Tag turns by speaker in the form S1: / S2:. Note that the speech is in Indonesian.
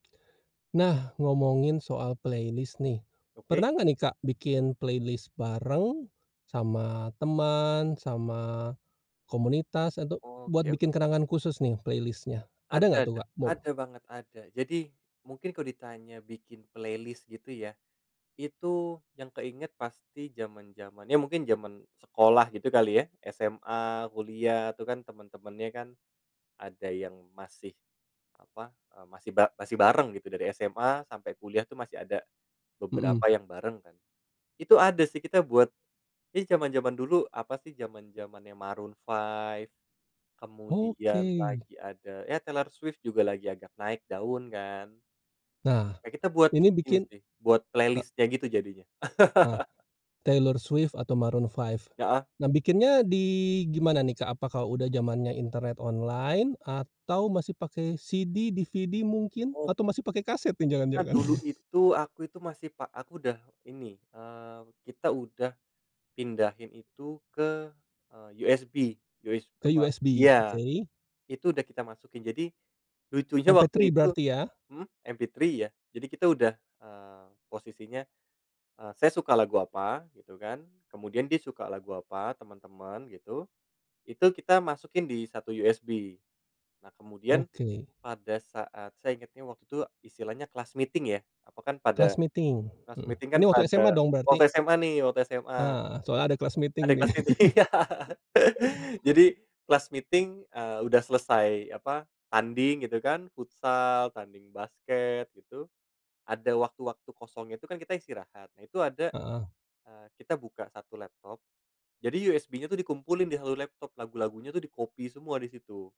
S1: Nah, ngomongin soal playlist nih.
S2: Oke.
S1: Pernah gak nih, Kak, bikin playlist bareng sama teman, sama komunitas atau, buat
S2: Oke
S1: bikin
S2: oke.
S1: kenangan khusus nih playlist-nya, ada
S2: Ada
S1: nggak
S2: ada
S1: tuh gak, Kak? mo
S2: ada banget, ada. Jadi mungkin kalau ditanya bikin playlist gitu ya, itu yang keinget pasti zaman-zamannya ya mungkin zaman sekolah gitu kali ya SMA, kuliah, itu kan teman-temannya kan ada yang masih apa eee, masih ba masih bareng gitu dari SMA sampai kuliah tuh. Masih ada
S1: Mhm.
S2: beberapa yang bareng kan, itu ada sih kita buat di zaman-zaman dulu apa sih zaman-zamannya Maroon 5, kemudian
S1: Oke.
S2: lagi ada, ya Taylor Swift juga lagi agak naik daun kan.
S1: Nah,
S2: Ya, kita buat
S1: ini
S2: ini
S1: bikin,
S2: sih, buat
S1: eee
S2: playlist-nya gitu jadinya.
S1: Eee, Taylor Swift atau Maroon 5.
S2: Heeh.
S1: Nah, bikinnya di gimana nih, Kak? Apa kalau udah zamannya internet, online atau masih pakai CD, DVD mungkin?
S2: Oh.
S1: Atau masih pakai kaset
S2: Karena
S1: jangan-jangan?
S2: dulu itu aku itu masih pak aku udah ini, eee, kita udah pindahin itu ke, eee, USB us
S1: Ke,
S2: apa
S1: USB,
S2: iya,
S1: oke.
S2: itu udah kita masukin jadi lucunya waktu
S1: MP3
S2: itu
S1: berarti ya?
S2: mhm, MP3 ya. Jadi, kita udah, eee, posisinya, eee, saya suka lagu apa gitu kan. Kemudian dia suka lagu apa teman-teman gitu. Itu, kita masukin di 1 USB. Nah, kemudian
S1: Oke.
S2: pada saat saya inget ini waktu itu istilahnya class meeting ya, apa, kan
S1: Class
S2: pada
S1: meeting,
S2: class
S1: mhm,
S2: meeting kan
S1: ini waktu SMA
S2: pada
S1: dong berarti?
S2: waktu SMA nih, waktu SMA.
S1: Eee, soalnya ada class
S2: Ada
S1: meeting,
S2: yang
S1: nih.
S2: class meeting ya. Jadi, class meeting, eee, udah selesai apa, tanding gitu kan, futsal, tanding basket gitu. Ada waktu-waktu kosong itu kan, kita istirahat. Nah, itu ada,
S1: Heeh.
S2: eee, kita buka 1 laptop. Jadi, USB-nya tuh dikumpulin di 1 laptop, lagu-lagunya tuh di-copy semua di situ.